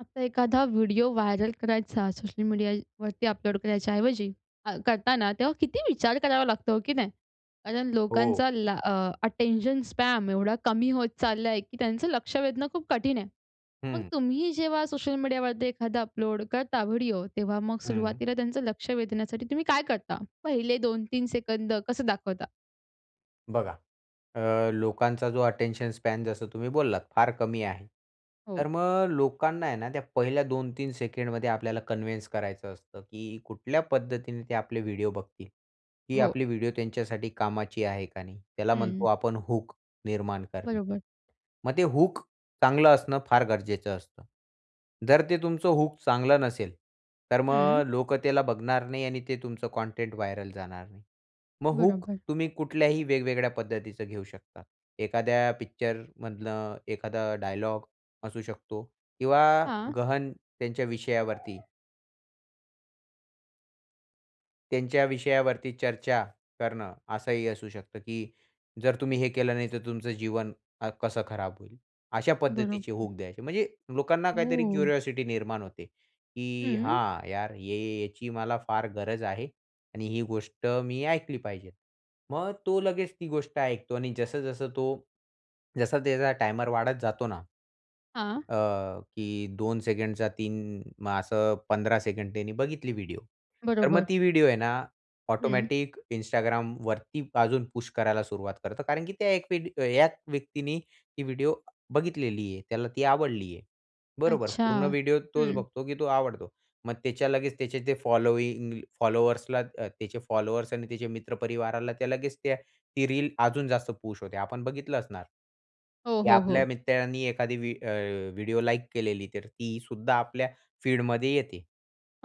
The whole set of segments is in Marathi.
आता एखादा व्हिडिओ व्हायरल करायचा सोशल मीडियावरती अपलोड करायच्या ऐवजी, अ, करताना तेव्हा किती विचार करावा लागतो, हो की नाही? कारण हो. लोकांचा ला अ, अटेंशन स्पॅन एवढा कमी होत चालला आहे. की त्यांचं लक्ष वेधणं खूप कठीण आहे. मग हं. तुम्ही जेव्हा सोशल मीडियावरती एखादा अपलोड करता व्हिडिओ, तेव्हा मग हं. सुरुवातीला त्यांचं लक्ष वेधण्यासाठी तुम्ही काय करता? पहिले 2-3 सेकंद कसं दाखवता? बघा अ, लोकांचा जो अटेंशन स्पॅन जसं तुम्ही बोललात फार कमी आहे. हो. तर मग लोकांना आहे ना त्या पहिल्या 2-3 सेकंडमध्ये आपल्याला कन्विन्स करायचं असतं की कुठल्या पद्धतीने ते आपले व्हिडिओ बघतील. ही हो. आपली व्हिडिओ त्यांच्यासाठी कामाची आहे का नाही. त्याला म्हणतो हं. आपण हूक निर्माण करणे. बरोबर. मग ते हूक चांगलं असणं फार गरजेचं असतं. जर ते तुमचं हूक चांगलं नसेल तर हं. मग लोक त्याला बघणार नाही आणि ते तुमचं कंटेंट व्हायरल जाणार नाही. मग हूक बरोबर. तुम्ही कुठल्याही वेगवेगळ्या पद्धतीचं घेऊ शकता. एखाद्या पिक्चर मधलं, एखादा डायलॉग असू शकतो किंवा हां. गहन त्यांच्या विषयावरती. त्यांच्या विषयावरती चर्चा करणं असंही असू शकतं, की जर तुम्ही हे केलं नाही तर तुमचं अ, जीवन कसं खराब होईल. अशा पद्धतीचे बरोबर. हूक द्यायचे म्हणजे लोकांना काहीतरी हो. क्युरिओसिटी निर्माण होते, की हं. "हां, यार हे याची मला फार गरज आहे आणि ही गोष्ट मी ऐकली पाहिजे." मग तो लगेच ती गोष्ट ऐकतो आणि जसं जसं तो जसं त्याचा टायमर वाढत जातो ना हां. अ, की 2 सेकंडचा 3 असं 15 सेकंड त्यांनी बघितली व्हिडिओ तर मग बरोबर. ती व्हिडिओ आहे ना, हं. ऑटोमॅटिक Instagramवरती अजून पुश करायला सुरुवात करतो कारण की एक वेड या व्यक्तीने ती व्हिडिओ बघितलेली आहे. त्याला ती आवडली आहे. बरोबर, अच्छा! पूर्ण व्हिडिओ तोच हं. बघतो, की तो आवडतो. मग त्याच्या लगेच त्याचे जे फॉलोइंग फॉलोवर्सला अ, त्याचे फॉलोवर्स आणि त्याचे मित्रपरिवाराला त्या लगेच त्या ती रील अजून जास्त पुश होते. आपण बघितलं असणार, हो, की हो, आपल्या हो. मित्रांनी एखादी व्हि अ, व्हिडिओ लाइक केलेली तर ती सुद्धा आपल्या फीड मध्ये येते.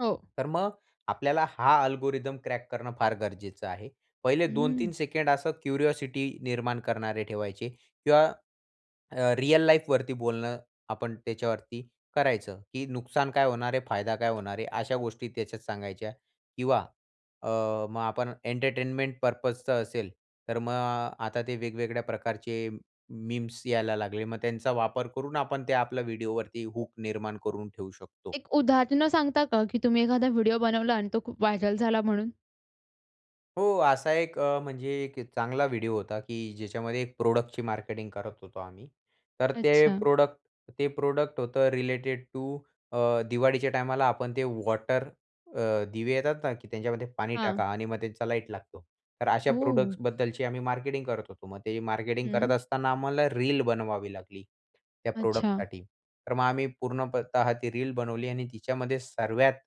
हो. तर मग आपल्याला हा अल्गोरिथम क्रॅक करणं फार गरजेचं आहे. पहिले 2-3 हं. सेकंड असं क्युरिओसिटी निर्माण करणारे ठेवायचे किंवा अ, रिअल लाईफ वरती बोलणं आपण त्याच्यावरती करायचं, की नुकसान काय होणार आहे, फायदा काय होणार आहे. अशा गोष्टी त्याच्यात सांगायच्या किंवा अ, मग आपण एंटरटेनमेंट पर्पज चं असेल तर मग आता ते वेगवेगळ्या प्रकारचे मीम्स यायला लागले मग त्यांचा वापर करून आपण ते आपल्या व्हिडिओवरती हूक निर्माण करून ठेवू शकतो. एक उदाहरणं सांगता का, की तुम्ही एखादा व्हिडिओ बनवला आणि तो खूप व्हायरल झाला म्हणून? हो, असा एक अ, म्हणजे एक चांगला व्हिडिओ होता, की ज्याच्यामध्ये एक प्रोडक्टची मार्केटिंग करत होतो आम्ही. तर ते अच्छा. प्रोडक्ट ते प्रोडक्ट होतं रिलेटेड टू अ, दिवाळीच्या टायमाला आपण ते वॉटर अ, दिवे येतात ना, की त्यांच्यामध्ये पाणी टाका हां. आणि मग त्यांचा लाईट लागतो. तर अशा ओह! प्रोडक्टसबद्दलची आम्ही मार्केटिंग करत होतो. मग ते मार्केटिंग करत हं. असताना आम्हाला रील बनवावी लागली त्या अच्छा. प्रोडक्टसाठी. तर मग आम्ही पूर्णपतः ती रील बनवली आणि तिच्यामध्ये सर्वात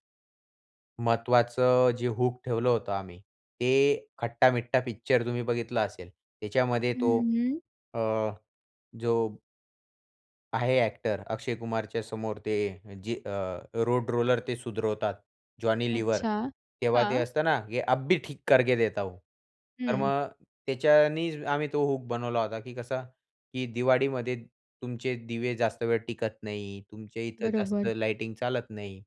महत्त्वाचं जे हूक ठेवलं होतं आम्ही, ते खट्टा-मिट्ठा पिक्चर तुम्ही बघितलं असेल. त्याच्यामध्ये तो हं, हं. अ, जो आहे ॲक्टर अक्षय कुमारच्या समोर ते जे अ, रोड रोलर ते सुधरवतात, जॉनी लीवर. अच्छा. तेव्हा ते हां. असतं ना, की "अभी ठीक करके देता हूँ." तर हं. मग, त्याच्यानीच आम्ही तो हूक बनवला होता, की कसं की दिवाळीमध्ये तुमचे दिवे जास्त वेळ टिकत नाही, तुमच्या इथं जास्त बरोबर. लाईटिंग चालत नाही.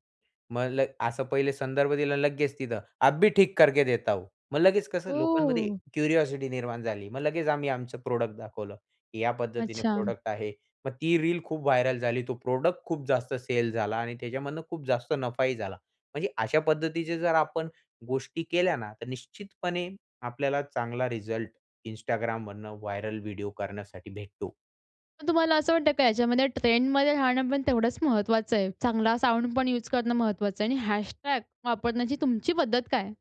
मग ल असं पहिले संदर्भ दिला लगेच तिथं, "अभी ठीक करके देता हूँ." मग लगेच कसं लोकांमध्ये ओह! क्युरिओसिटी निर्माण झाली. मग लगेच आम्ही आमचं प्रॉडक्ट दाखवलं. की या पद्धतीने अच्छा. प्रॉडक्ट आहे. मग ती रील खूप व्हायरल झाली, तो प्रॉडक्ट खूप जास्त सेल झाला आणि त्याच्यामधनं खूप जास्त नफाही झाला. म्हणजे अशा पद्धतीचे जर आपण गोष्टी केल्या ना, तर निश्चितपणे आपल्याला चांगला रिझल्ट, Instagramमधनं व्हायरल व्हिडिओ करण्यासाठी भेटतो. मग तुम्हाला असं वाटतं का याच्यामध्ये ट्रेंडमध्ये राहणं पण तेवढंच महत्वाचं आहे? चांगला साउंड पण युज करणं महत्वाचं आहे आणि हॅशटॅग वापरण्याची तुमची पद्धत काय?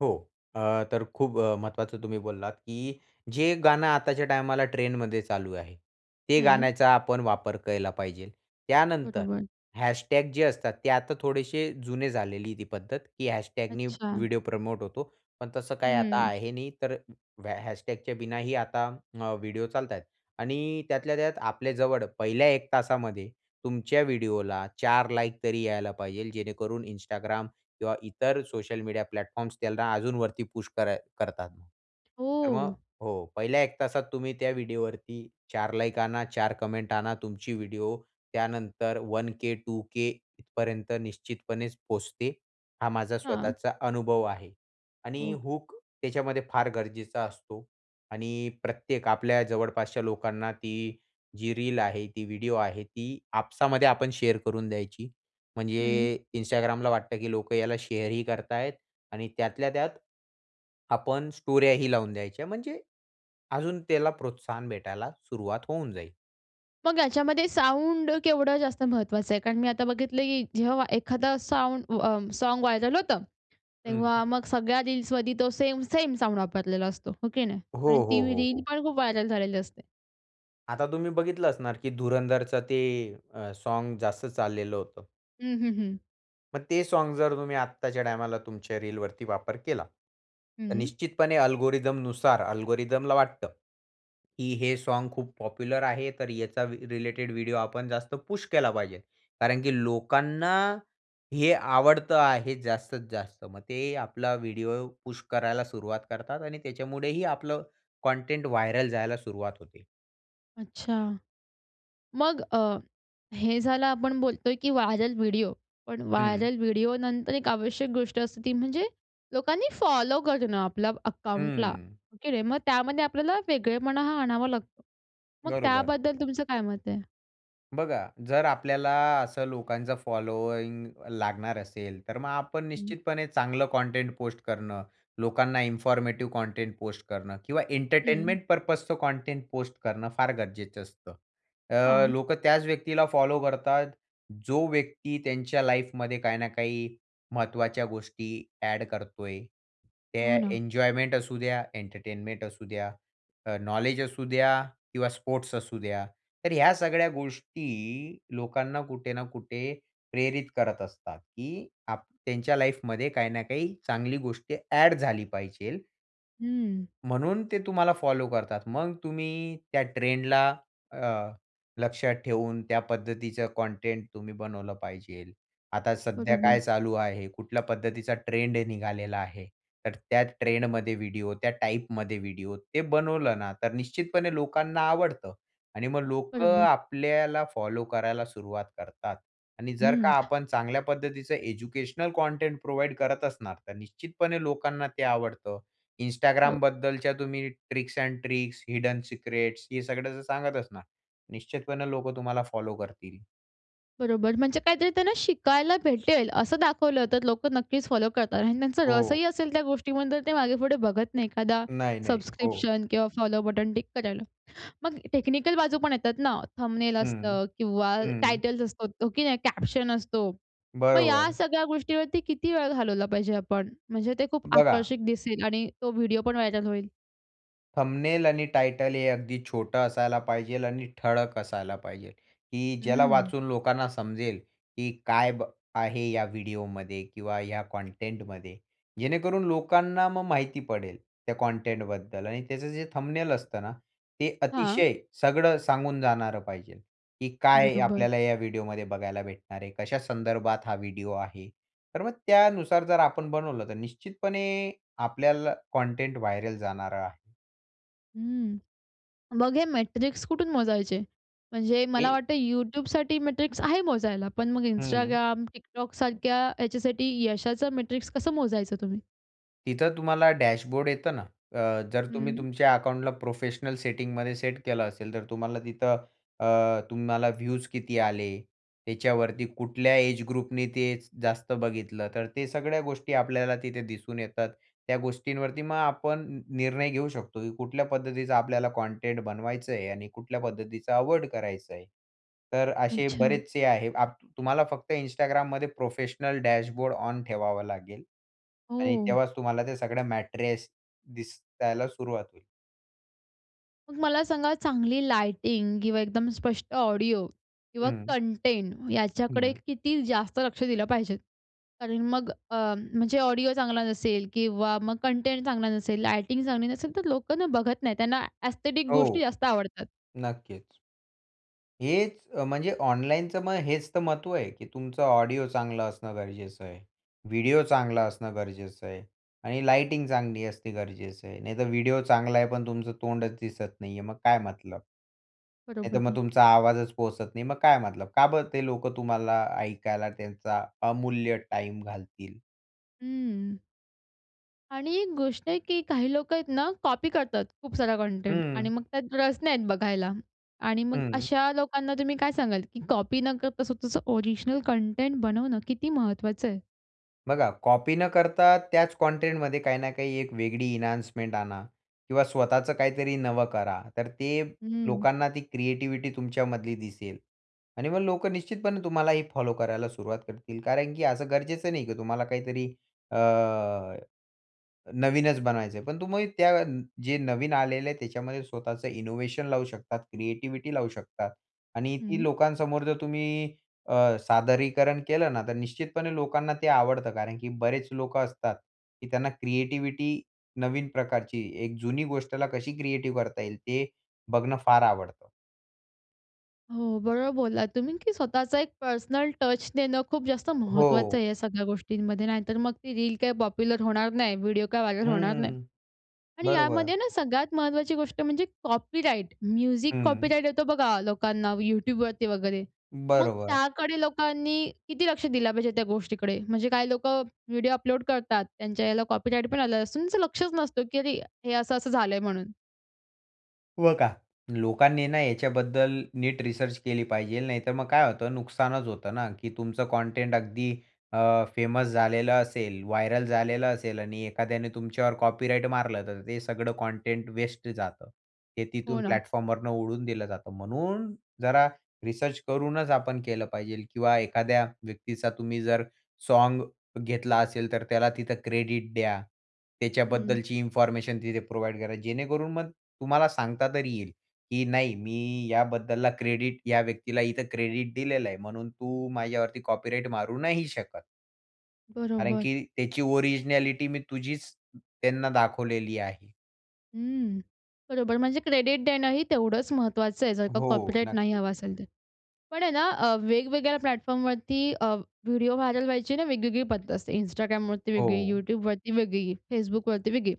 हो, अ, तर खूप महत्वाचं तुम्ही बोललात, की जे गाणं आताच्या टायमाला ट्रेंडमध्ये चालू आहे, ते हं. गाण्याचा आपण वापर केला पाहिजे. त्यानंतर बरोबर. हॅशटॅग जे असतात ते आता थोडेसे जुने झालेली आहे ती पद्धत, की हॅशटॅगनी अच्छा. व्हिडिओ प्रमोट होतो. पण तसं काही आता हं. आहे नाही. तर हॅ हॅशटॅगच्या बिनाही आता अ, व्हिडिओ चालतायेत आणि त्यातल्या त्यात आपल्या जवळ पहिल्या 1 तासामध्ये तुमच्या व्हिडिओला 4 लाइक तरी यायला पाहिजे, जेणेकरून Instagram किंवा इतर सोशल मीडिया प्लॅटफॉर्म्स त्यांना अजून वरती पुश कर करतात. तर मग हो. हो, पहिल्या 1 तासात तुम्ही त्या व्हिडिओवरती 4 लाइक आणा, 4 कमेंट आणा, तुमची व्हिडिओ त्यानंतर वन के, टू के इथपर्यंत निश्चितपणेच पोचते, हा माझा हां. स्वतःचा अनुभव आहे आणि हो. हुक त्याच्यामध्ये फार गरजेचा असतो आणि प्रत्येक आपल्या जवळपासच्या लोकांना ती जी रील आहे, ती व्हिडिओ आहे, ती आपसामध्ये आपण शेअर करून द्यायची. हं. म्हणजे Instagramला वाटतं, की लोकं याला शेअर ही करत आहेत, आणि त्यातल्या त्यात आपण स्टोऱ्याही लावून द्यायच्या. म्हणजे अजून त्याला प्रोत्साहन भेटायला सुरुवात होऊन जाईल. मग ह्याच्यामध्ये साउंड केवढं जास्त महत्वाचं आहे? कारण मी आता बघितलं, की जेव्हा एखादा साउंड अ, सॉंग व्हायरल हं होतं.तेव्हा मग सगळ्या रील्स मध्ये तो सेम, सेम साउंड वापरलेला असतो. हो की नाही? हो, आणि ती हो, हो, रील हो. पण खूप व्हायरल झालेली असते. आता तुम्ही बघितलं असणार की धुरंधरचं ते अ, सॉँग जास्त चाललेलं होतं. हं, हं, हं. मग ते सॉँग जर तुम्ही आत्ताच्या टायमाला तुमच्या रीलवरती वापर केला. तर हं. निश्चितपणे अल्गोरिथमनुसार अल्गोरिथमला वाटतं, की हे सॉंग खूप पॉप्युलर आहे. तर याचा रिलेटेड व्हिडिओ आपण जास्त पुश केला पाहिजेल कारण की लोकांना हे आवडतं आहे जास्तीत जास्त मग ते आपला व्हिडिओ पुश करायला सुरुवात करतात आणि त्याच्यामुळेही आपलं कंटेंट व्हायरल जायला सुरुवात होते. अच्छा. मग अ, हे झालं आपण बोलतोय की व्हायरल व्हिडिओ. पण हं. व्हायरल व्हिडिओ नंतर एक आवश्यक गोष्ट असते ती म्हणजे लोकांनी फॉलो करणं आपल्याला अकाउंटला हम्म. हो की नाही, मग त्यामध्ये आपल्याला वेगळेपणा आणावा लागतो. मग बरोबर. त्याबद्दल तुमचं काय मत आहे? बघा जर आपल्याला असं लोकांचं फॉलोइंग लागणार असेल, तर मग आपण हं. निश्चितपणे चांगलं कंटेंट पोस्ट करणं, लोकांना इन्फॉर्मेटिव्ह कंटेंट पोस्ट करणं किंवा हं. एंटरटेनमेंट पर्पजचं कंटेंट पोस्ट करणं फार गरजेचं असतं. अ, हां. लोकं त्याच व्यक्तीला फॉलो करतात, जो व्यक्ती त्यांच्या लाईफमध्ये काही ना काही महत्वाच्या गोष्टी एड करतोय. हो त्या ना. एन्जॉयमेंट असू द्या, एंटरटेनमेंट असू द्या, अ, नॉलेज असू द्या किंवा स्पोर्ट्स असू द्या. तर ह्या सगळ्या गोष्टी लोकांना कुठे ना कुठे प्रेरित करत असतात, की आ त्यांच्या लाईफमध्ये काही ना काही चांगली गोष्टी एड झाली पाहिजे. हम्म. म्हणून ते तुम्हाला फॉलो करतात. मग तुम्ही त्या ट्रेंडला अ, लक्षात ठेवून त्या पद्धतीचं कंटेंट तुम्ही बनवलं पाहिजे. आता सध्या बरोबर. काय चालू आहे? कुठल्या पद्धतीचा ट्रेंड निघालेला आहे? तर त्या ट्रेंडमध्ये व्हिडिओ त्या टाइपमध्ये व्हिडिओ ते बनवलं ना तर निश्चितपणे लोकांना आवडतं. आणि मग लोकं बरोबर. आपल्याला फॉलो करायला सुरुवात करतात. आणि जर हं. का आपण चांगल्या पद्धतीचं एज्युकेशनल कंटेंट प्रोव्हाईड करत असणार तर निश्चितपणे लोकांना ते आवडतं. Instagram हो. बद्दलच्या तुम्ही tricks and tricks, hidden secrets हे सगळं जर सांगत असणार निश्चितपणे लोकं तुम्हाला फॉलो करतील. बरोबर. म्हणजे काहीतरी त्यांना शिकायला भेटेल असं दाखवलं तर लोकं नक्कीच फॉलो करतात आणि त्यांचा रस हो. ही असेल त्या गोष्टीवर तर ते मागे पुढे बघत नाही एखादा नाही, नाही. हो. सबस्क्रिप्शन किंवा फॉलो बटन टिक करायला. मग टेक्निकल बाजू पण येतात ना थंबनेल हं, असतं किंवा हं. टायटल्स असतो, की नाही कॅप्शन असतो. मग या बरोबर. सगळ्या गोष्टीवरती किती वेळ घालवला पाहिजे आपण? म्हणजे ते खूप बघा. आकर्षक दिसेल आणि तो व्हिडिओ पण व्हायरल होईल? थंबनेल आणि टायटल हे अगदी छोटं असायला पाहिजे आणि ठळक असायला पाहिजे, की ज्याला हं. वाचून लोकांना समजेल, की काय ब आहे या व्हिडिओ मध्ये किंवा ह्या कंटेंटमध्ये. जेणेकरून लोकांना मग माहिती पडेल त्या कंटेंटबद्दल आणि त्याचं जे थंबनेल असतं ना. ते हां. अतिशय सगळं सांगून जाणारं पाहिजे, की काय बरोबर. आपल्याला ह्या व्हिडिओ मध्ये बघायला भेटणार आहे. कशा संदर्भात हा व्हिडिओ आहे. तर मग त्यानुसार जर आपण बनवलं, तर निश्चितपणे आपल्याला कंटेंट व्हायरल जाणार आहे. हं. मग हे मेट्रिक्स कुठून मोजायचे? म्हणजे मला हे वाटतं YouTubeसाठी मेट्रिक्स आहे मोजायला. पण मग हं. Instagram, TikTokसारख्या ह्याच्यासाठी यशाचं मेट्रिक्स कसं मोजायचं तुम्ही? तिथं तुम्हाला डॅशबोर्ड येतं ना. अ, जर तुम्ही हं. तुमच्या अकाउंटला प्रोफेशनल सेटिंगमध्ये सेट केलं असेल तर तुम्हाला तिथं, अ, तुम्हाला व्ह्यूज किती आले, त्याच्यावरती कुठल्या एजग्रुपने ते जास्त बघितलं? तर ते सगळ्या गोष्टी आपल्याला तिथे दिसून येतात. त्या गोष्टींवरती मग आपण न निर्णय घेऊ शकतो, की कुठल्या पद्धतीचा आपल्याला कॉन्टेंट बनवायचं आहे आणि कुठल्या पद्धतीचा अव्हॉइड करायचं आहे. तर अशे अच्छा. बरेचसे आहे. आप तुम्हाला फक्त Instagramमध्ये प्रोफेशनल डॅशबोर्ड ऑन ठेवावं लागेल आणि हो. तेव्हाच तुम्हाला त्या सगळ्या मॅट्रेस दिसायला सुरुवात होईल. मला सांगा चांगली लाइटिंग किंवा एकदम स्पष्ट ऑडिओ किंवा हं. कंटेंट याच्याकडे हं. किती जास्त लक्ष दिलं पाहिजे आणि मग अ, म्हणजे ऑडिओ चांगला नसेल किंवा मग कंटेंट चांगला नसेल, लाइटिंग चांगली नसेल तर लोक ना बघत नाही त्यांना एस्थेटिक गोष्टी हो, जास्त आवडतात. नक्कीच. हेच म्हणजे ऑनलाईनचं मग हेच तर महत्त्व आहे, की तुमचं ऑडिओ चांगलं असणं गरजेचं आहे. व्हिडिओ चांगला असणं गरजेचं आहे आणि लाइटिंग चांगली असणे गरजेचं आहे. नाही तर व्हिडिओ चांगला आहे पण तुमचं तोंडच दिसत नाही आहे, मग काय मतलब. नाहीतर बरोबर मग [unintelligible] तुमचा आवाजच पोहचत नाही, मग काय मतलब, का बरं ते लोकं तुम्हाला ऐकायला त्यांचा अमूल्य टाईम घालतील. हं. आणि एक गोष्ट आहे की काही लोकं आहेत ना कॉपी करतात खूपसारं कंटेंट आणि हं. मग त्यात रस नाही आहेत बघायला. आणि मग हं. अशा लोकांना तुम्ही काय सांगाल की कॉपी न करता स्वतःचं ओरिजिनल कंटेंट बनवणं किती महत्वाचं आहे? बघा कॉपी न करता त्याच कंटेंटमध्ये काही ना काही एक वेगळी एन्हान्समेंट आणा किंवा स्वतःच काहीतरी नवं करा. तर ते हं. लोकांना ती क्रिएटिव्हिटी तुमच्यामधली दिसेल. आणि मग लोकं निश्चितपणे तुम्हालाही फॉलो करायला सुरुवात करतील. कारण की असं गरजेचं नाही की तुम्हाला काहीतरी अ, नवीनच बनवायचं आहे. पण तुम्ही त्या जे नवीन आलेले आहे त्याच्यामध्ये स्वतःचं इनोव्हेशन लावू शकतात, क्रिएटिव्हिटी लावू शकता आणि ती हं. लोकांसमोर जर तुम्ही अ, सादरीकरण केलं ना, तर निश्चितपणे लोकांना ते आवडतं कारण की बरेच लोकं असतात की त्यांना क्रिएटिव्हिटी नवीन प्रकारची, एक जुनी गोष्टला कशी क्रिएटिव्ह करता येईल, ते बघणं फार आवडतं. हो, बरोबर बोललात तुम्ही की स्वतःचा एक पर्सनल टच देणं खूप जास्त महत्वाचं हो. आहे या सगळ्या गोष्टींमध्ये, नाहीतर मग ती रील काय पॉप्युलर होणार नाही, व्हिडिओ काय व्हायरल होणार नाही. हम्म. आणि बरोबर. यामध्ये ना सगळ्यात महत्वाची गोष्ट म्हणजे कॉपीराइट. म्युझिक हं. कॉपीराइट येतो बघा लोकांना YouTubeवरती वगैरे. मग बरोबर. त्याकडे लोकांनी किती लक्ष दिलं पाहिजे त्या गोष्टीकडे? म्हणजे काही लोकं व्हिडिओ अपलोड करतात त्यांच्या ह्याला कॉपीराइट पण आलं असून, त्याचं लक्षच नसतं की अरे हे असं-असं झालंय म्हणून. व का. लोकांनी आहे ना याच्याबद्दल नीट रिसर्च केली पाहिजे. नाहीतर मग काय होतं नुकसानच होतं ना की तुमचं कंटेंट अगदी अ, फेमस झालेलं असेल, व्हायरल झालेलं असेल आणि एखाद्याने तुमच्यावर कॉपीराईट मारलं, तर ते सगळं कंटेंट वेस्ट जातं. हे तिथून हो ना. प्लॅटफॉर्मवरून उडवून दिलं जातं. म्हणून जरा रिसर्च करूनच आपण केलं पाहिजे किंवा एखाद्या व्यक्तीचा तुम्ही जर साँग घेतला असेल, तर त्याला तिथं क्रेडिट द्या. हं. त्याच्याबद्दलची इन्फॉर्मेशन तिथे प्रोव्हाईड करा जेणेकरून मग तुम्हाला सांगता तरी येईल की नाही, मी याबद्दलला क्रेडिट या व्यक्तीला इथं क्रेडिट दिलेलं आहे. म्हणून तू माझ्यावरती कॉपीराइट मारू नाही शकत कारण बरोबर. की त्याची ओरिजिनॅलिटी मी तुझीच त्यांना दाखवलेली आहे. हं. बरोबर, म्हणजे क्रेडिट देणं ही तेवढंच महत्त्वाचं आहे जर का हो, कॉपीराईट नाही नक्कीच. हवा असेल तर. पण आहे ना अ, वेगवेगळ्या प्लॅटफॉर्मवरती अ, व्हिडिओ व्हायरल व्हायची ना वेगवेगळी पद्धत असते. Instagramवरती वेगळी, हो. YouTubeवरती वेगळी, Facebookवरती वेगळी.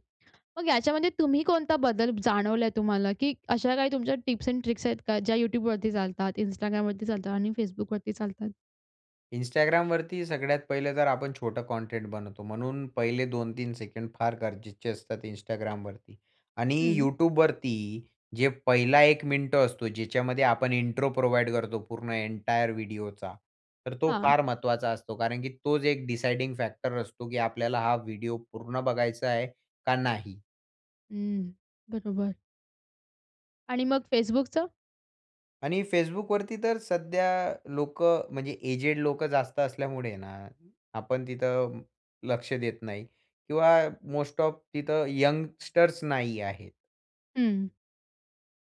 मग याच्यामध्ये तुम्ही कोणता बदल जाणवलाय तुम्हाला की अशा काही तुमच्या टिप्स एंड ट्रिक्स आहेत का ज्या YouTubeवरती चालतात, Instagramवरती चालतात आणि Facebookवरती चालतात? Instagramवरती सगळ्यात पहिलं जर आपण छोटा कंटेंट बनवतो म्हणून पहिले 2-3 सेकंड फार गरजेचे असतात Instagramवरती आणि हं. YouTubeवरती जे पहिला 1 मिनिट असतो ज्याच्यामध्ये आपण इंट्रो प्रोव्हाईड करतो पूर्ण एंटायर व्हिडिओचा तर तो हां. फार महत्वाचा असतो. कारण की तोच एक डिसायडिंग फॅक्टर असतो की आपल्याला हा व्हिडिओ पूर्ण बघायचा आहे का नाही? हं. बरोबर. आणि मग Facebookचं? आणि Facebookवरती तर सध्या लोकं म्हणजे एजेड लोकं जास्त असल्यामुळे ना आपण तिथं लक्ष देत नाही किंवा मोस्ट ऑफ तिथं यंगस्टर्स नाही आहेत. हं.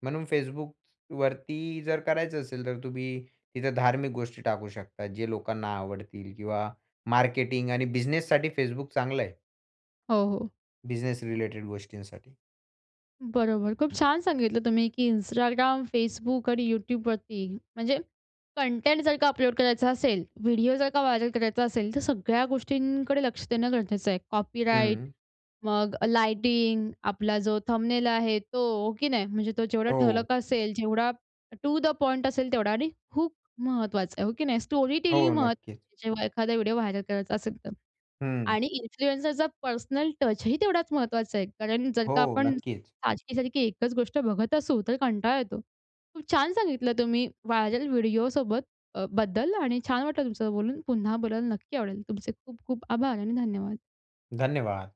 म्हणून Facebookवरती जर करायचं असेल तर तुम्ही तिथं धार्मिक गोष्टी टाकू शकता. जे लोकांना आवडतील किंवा मार्केटिंग आणि बिझनेससाठी Facebook चांगलं आहे. हो, हो. बिझनेस रिलेटेड गोष्टींसाठी. बरोबर, खूप छान सांगितलं तुम्ही की Instagram, Facebook आणि YouTubeवरती म्हणजे कंटेंट जर का अपलोड करायचा असेल, व्हिडिओ जर का व्हायरल करायचा असेल तर सगळ्या गोष्टींकडे लक्ष देणं गरजेचं आहे. कॉपीराईट हं. मग लाईटिंग, आपला जो थंबनेल आहे तो हो की नाही? म्हणजे तो जेवढा हो. ठळक असेल, जेवढा टु द पॉइंट असेल तेवढा आणि खूप महत्वाचा आहे. हो की नाही? स्टोरी हो टेलिंग नक्कीच. महत्त्वाची जेव्हा एखादा व्हिडिओ व्हायरल करायचा असेल तर. हं. आणि इन्फ्लुएन्सरचा पर्सनल टचही तेवढाचं महत्वाचा आहे. कारण जर हो का आपण नक्कीच. सारखी सारखी एकचं गोष्ट बघत असू तर कंटाळा येतो. खूप छान सांगितलं तुम्ही व्हायरल व्हिडिओ सोबत अ, बद्दल आणि छान वाटलं तुमचं बोलून पुन्हा बोलायला नक्की आवडेल. तुमचे खूप खूप आभार आणि धन्यवाद. धन्यवाद.